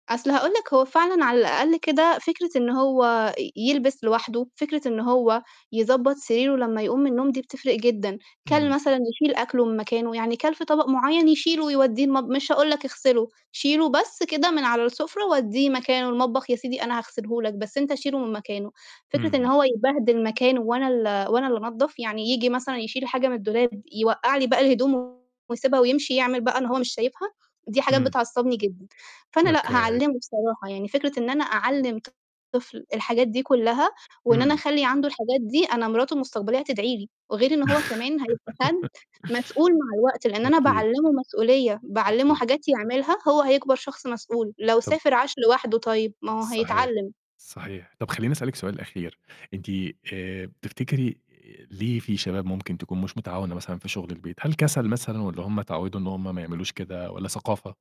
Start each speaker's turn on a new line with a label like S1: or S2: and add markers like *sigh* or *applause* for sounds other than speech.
S1: أصل هاقول لك هو فعلًا على الأقل كده، فكرة إن هو ي يلبس لوحدُه، فكرة إن هو يضبّط سريره لمّا يقوم من النوم دي بتفرِق جدًا، كَلْ
S2: إمم.
S1: مثلًا يشيل أكلُه من مكانه، يعني كَلْ في طبق معيّن يشيله ويوديه المطب مش هاقول لك اغسله، شيلُه بس كده من على السُفْرة، ودّيه مكانه المطبخ يا سيدي أنا هاغسله لك، بس أنت شيلُه من مكانه، فكرة إن
S2: إمم.
S1: هو يبهدل مكانُه وأنا ال وأنا اللي أنضَّف، يعني ييجي مثلًا يشيل حاجة من الدولاب، يوقّع لي باقي الهدوم، ويسيبها ويمشي، يعمل بقى إن هو مش شايفها! دي حاجات
S2: إمم.
S1: بتعصّبني جدًا، فأنا لأ،
S2: أوكي.
S1: هاعلّمه بصراحة، يعني فكرة إن أنا أعلم طفل الحاجات دي كلّها، وإن أنا
S2: إمم.
S1: أخلِّي عنده الحاجات دي، أنا مراتُه المستقبلية هتدعي لي، وغير إن هو كمان هيبقى حد مسؤول مع
S2: *laughs*
S1: الوقت، لإن أنا
S2: أكيد.
S1: باعلمه مسؤولية، باعلمه
S2: أكيد.
S1: حاجات يعملها، هو هيكبر شخص مسؤول، لو
S2: طَب
S1: سافر، عاش لوحدُه طيب، ما هو
S2: صحيح،
S1: هيتعلم.
S2: صحيح، طَب خليني أسألِك سؤال أخير، أنتِ آآ، بتفتكري ليه في شباب ممكن تكون مش متعاونة مثلًا في شغل البيت؟ هل كَسَل مثلًا، والَّا هُم إتعودوا إن هُم ما يعملوش كده، والَّا ثقافة؟